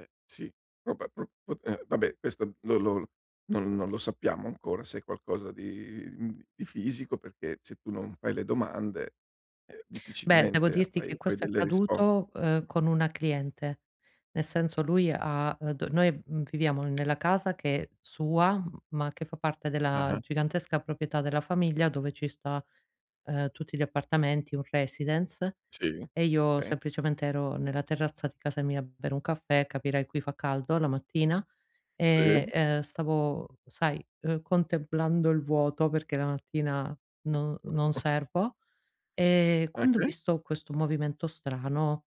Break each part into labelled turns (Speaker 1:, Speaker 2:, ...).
Speaker 1: Eh sì. Vabbè pro p ehm, vabbè questo non lo non non lo sappiamo ancora se è qualcosa di, mhmm, di fisico, perché se tu non fai le domande, ehm,
Speaker 2: Beh, devo
Speaker 1: difficilmente
Speaker 2: dirti che
Speaker 1: hai poi
Speaker 2: questo è
Speaker 1: delle rispo
Speaker 2: accaduto, uhm, con una cliente. Nel senso lui ha, uhm, d noi, mhmm, viviamo nella casa che sua, ma che fa parte della
Speaker 1: Ah-ah.
Speaker 2: gigantesca proprietà della famiglia dove ci sta, ehm, tutti gli appartamenti, un residence,
Speaker 1: Sì,
Speaker 2: e io
Speaker 1: okay.
Speaker 2: semplicemente ero nella terrazza di casa mia a bere un caffè, capirai, qui fa caldo la mattina.
Speaker 1: Sì.
Speaker 2: E, ehm, stavo sai, uhm, contemplando il vuoto, perché la mattina non-non servo. Ehm,
Speaker 1: Ah,
Speaker 2: quando ho
Speaker 1: sì?
Speaker 2: visto questo movimento strano,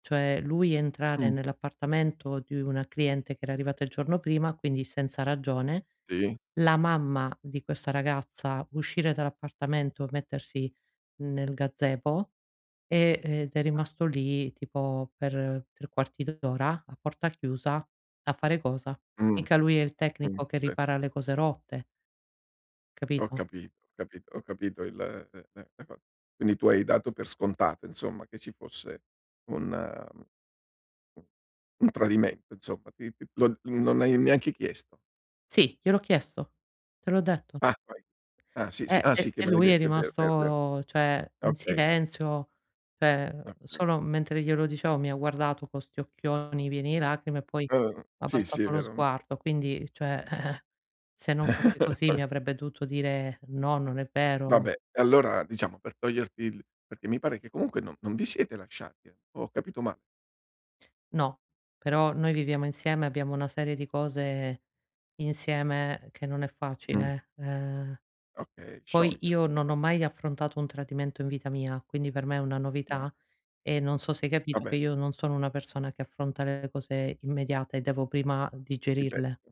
Speaker 2: cioè lui entrare
Speaker 1: Mh.
Speaker 2: nell'appartamento di una cliente che era arrivata il giorno prima, quindi senza ragione,
Speaker 1: Sì.
Speaker 2: la mamma di questa ragazza uscire dall'appartamento, mettersi nel gazebo, ehm, ed è rimasto lì tipo per 3 quarti d'ora, a porta chiusa, a fare cosa?
Speaker 1: Mh.
Speaker 2: Mica lui è il
Speaker 1: Mh,
Speaker 2: tecnico che
Speaker 1: sì.
Speaker 2: ripara le cose rotte.
Speaker 1: Ho
Speaker 2: Capito?
Speaker 1: capito, ho capito, ho capito il eh ehm, la co quindi tu hai dato per scontato insomma, che ci fosse un, uhm, un -un tradimento insomma, ti ti lo non hai neanche chiesto?
Speaker 2: Sì, gliel'ho chiesto, te l'ho detto.
Speaker 1: Ah, poi ah sì, sì.
Speaker 2: Ehm,
Speaker 1: Ah
Speaker 2: e
Speaker 1: sì, che
Speaker 2: e
Speaker 1: me l'hai
Speaker 2: lui è
Speaker 1: detto è vero, è vero, è vero.
Speaker 2: rimasto cioè in
Speaker 1: Okay.
Speaker 2: silenzio, cioè
Speaker 1: Ah, okay.
Speaker 2: solo mentre glielo dicevo mi ha guardato con sti occhioni pieni di lacrime e poi
Speaker 1: Uhm.
Speaker 2: ha
Speaker 1: Sì, sì, è
Speaker 2: abbassato lo
Speaker 1: vero. Mh
Speaker 2: sguardo. Quindi, cioè eh-eh, se non fosse così mi avrebbe dovuto dire: "No, non è vero, n"
Speaker 1: Vabbè e allora diciamo per toglierti il perché mi pare che comunque non non vi siete lasciati o ho capito ma
Speaker 2: No, però noi viviamo insieme, abbiamo una serie di cose insieme che non è
Speaker 1: Mh.
Speaker 2: facile, eh. Ehm,
Speaker 1: Okay,
Speaker 2: poi
Speaker 1: sciogliere
Speaker 2: io non
Speaker 1: insom
Speaker 2: ho mai affrontato un tradimento in vita mia, quindi per me è una
Speaker 1: No.
Speaker 2: novità e non so se hai
Speaker 1: Ah,
Speaker 2: capito
Speaker 1: beh.
Speaker 2: che io non sono una persona che affronta le cose immediate, devo prima
Speaker 1: Sì,
Speaker 2: digerirle.
Speaker 1: beh